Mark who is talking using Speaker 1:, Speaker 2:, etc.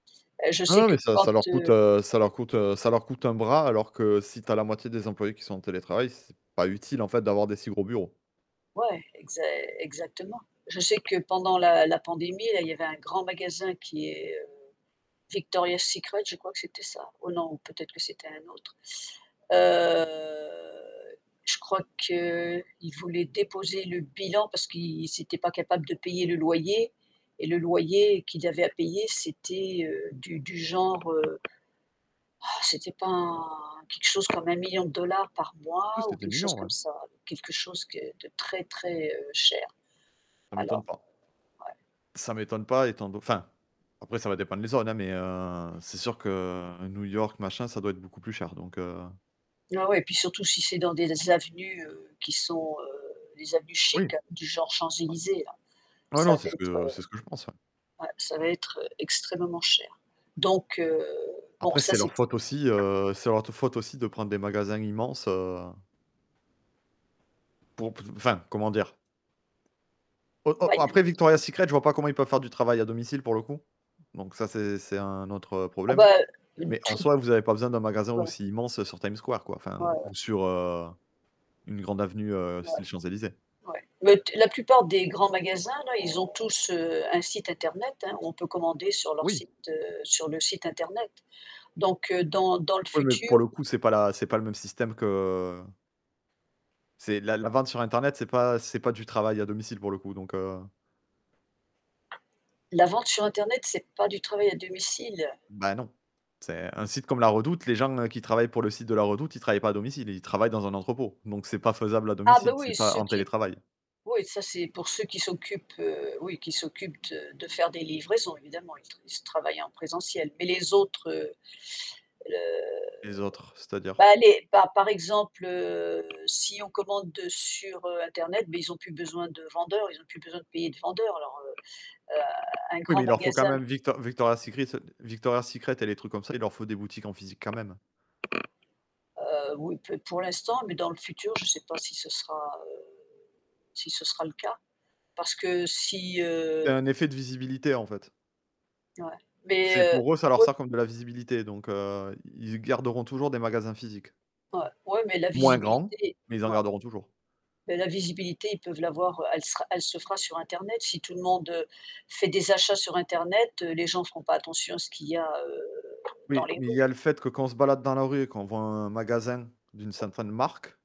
Speaker 1: Heu, je
Speaker 2: Non
Speaker 1: sais
Speaker 2: non,
Speaker 1: que,
Speaker 2: mais ça ça
Speaker 1: quand,
Speaker 2: leur coûte,
Speaker 1: heu
Speaker 2: heu, ça leur coûte, heu, ça leur coûte un bras. Alors que si tu as la moitié des employés qui sont en télétravail, c'est pas utile, en fait, d'avoir des si gros bureaux.
Speaker 1: Ouais, exa exactement. Je sais que pendant la la pandémie, là, il y avait un grand magasin qui est, heu, Victoria's secret, je crois que c'était ça. Oh non, peut-être que c'était un autre. Heu, je crois qu'ils voulaient déposer le bilan, parce qu'ils ils étaient pas capable de payer le loyer, et le loyer, qu'ils avaient à payer, c'était, heu, du du genre. C'était pas quelque chose comme 1 000 000 $ de dollars par
Speaker 2: Du coup
Speaker 1: mois,
Speaker 2: c'était
Speaker 1: ou
Speaker 2: des
Speaker 1: quelque chose
Speaker 2: millions,
Speaker 1: comme
Speaker 2: ouais.
Speaker 1: ça, quelque chose que de très, très, heu, cher.
Speaker 2: Ça m'étonne
Speaker 1: Alors,
Speaker 2: pas
Speaker 1: heu, ouais.
Speaker 2: ça m'étonne pas, étant do enfin, après ça va dépendre les zones, heu, mais heu, c'est sûr que New York machin, ça doit être beaucoup plus cher donc heu
Speaker 1: Ouais, ouais, puis surtout si c'est dans des avenues, heu, qui sont, heu les avenues
Speaker 2: Oui.
Speaker 1: chic du genre Champs-Élysées là,
Speaker 2: Non
Speaker 1: ça
Speaker 2: non,
Speaker 1: va
Speaker 2: c'est ce que,
Speaker 1: être,
Speaker 2: heu, c'est ce que je pense ouais.
Speaker 1: ouais, ça va être, heu, extrêmement cher. Donc heu, bon
Speaker 2: Après,
Speaker 1: ça
Speaker 2: c'est
Speaker 1: c'est
Speaker 2: leur
Speaker 1: t
Speaker 2: faute aussi, heu, c'est leur t faute aussi, de prendre des magasins immenses, heu Pour, p enfin, comment dire? Oh oh, heu, après Victoria
Speaker 1: [unintelligible]
Speaker 2: Secrets, je vois pas comment ils peuvent faire du travail à domicile pour le coup. Donc ça, c'est c'est un autre, heu,
Speaker 1: Ah bah
Speaker 2: problème.
Speaker 1: heu,
Speaker 2: Mais en
Speaker 1: tout
Speaker 2: soi, vous avez pas besoin d'un magasin
Speaker 1: Ouais.
Speaker 2: aussi immense, heu, sur Time Square quoi, enfin,
Speaker 1: Ouais, ouais.
Speaker 2: ou sur, heu, une grande avenue, heu,
Speaker 1: Ouais.
Speaker 2: style Champs-Élysées.
Speaker 1: Ouais. Les t la plupart des grands magasins là, ils ont tous, heu, un site internet, hein, on peut commander sur leur
Speaker 2: Oui.
Speaker 1: site, heu, sur le site internet. Donc heu, dans dans le
Speaker 2: Oui, mais pour
Speaker 1: futur
Speaker 2: le coup, c'est pas la c'est pas le même système que c'est la la vente sur internet, c'est pas ce n'est pas du travail à domicile pour le coup, donc heu
Speaker 1: La vente sur internet, c'est pas du travail à domicile.
Speaker 2: Bah non, c'est, heu, un site comme la redoute, les gens, heu, qui travaillent pour le site de la redoute, ils travaillent pas à domicile, ils travaillent dans un entrepôt. Donc, c'est pas faisable à
Speaker 1: Ah beh,
Speaker 2: domicile, c'est
Speaker 1: oui,
Speaker 2: pas
Speaker 1: ceux
Speaker 2: en
Speaker 1: qui
Speaker 2: télétravail.
Speaker 1: oui ça c'est pour ceux qui s'occupent, heu, oui qui s'occupent de de faire des livraisons évidemment, ils tr ils travaillent en présentiel. Mais les autres, heu heu,
Speaker 2: Les autres,
Speaker 1: ben,
Speaker 2: c'est-à-dire?
Speaker 1: les bah, par exemple, heu, si on commande, heu, sur, heu, internet, beh, ils ont plus besoin de vendeurs, ils ont plus besoin de payer de vendeurs. Alors, heu heu, un
Speaker 2: Oui, mais
Speaker 1: grand
Speaker 2: il leur faut quand
Speaker 1: magasin
Speaker 2: même Victor Victoria Secret Victoria's Secret, et les trucs comme ça, il leur faut des boutiques en physique quand même.
Speaker 1: Heu, oui, p pour l'instant, mais dans le futur, je sais pas si ce sera, heu, ce sera le cas. Parce que si,
Speaker 2: Il y a
Speaker 1: heu
Speaker 2: un effet de visibilité, en fait.
Speaker 1: Ouais,
Speaker 2: C'est
Speaker 1: beh,
Speaker 2: pour eux, ça leur
Speaker 1: heu [unintelligible]
Speaker 2: sert comme de la visibilité, donc heu, ils garderont toujours des magasins physiques.
Speaker 1: Ouais ouais, mais la
Speaker 2: Moins grands,
Speaker 1: visibilité,
Speaker 2: mais ils en
Speaker 1: ouais.
Speaker 2: garderont toujours.
Speaker 1: Beh, la visibilité, ils peuvent l'avoir, heu elle sera elle se fera sur internet. Si tout le monde, heu, fait des achats sur internet, heu, les gens seront pas attention à ce qu'il y a, heu, dans
Speaker 2: Oui,
Speaker 1: les
Speaker 2: mais il y a le
Speaker 1: rues.
Speaker 2: fait que, quand on se balade dans la rue, et qu'on voit un magasin d'une certaine marque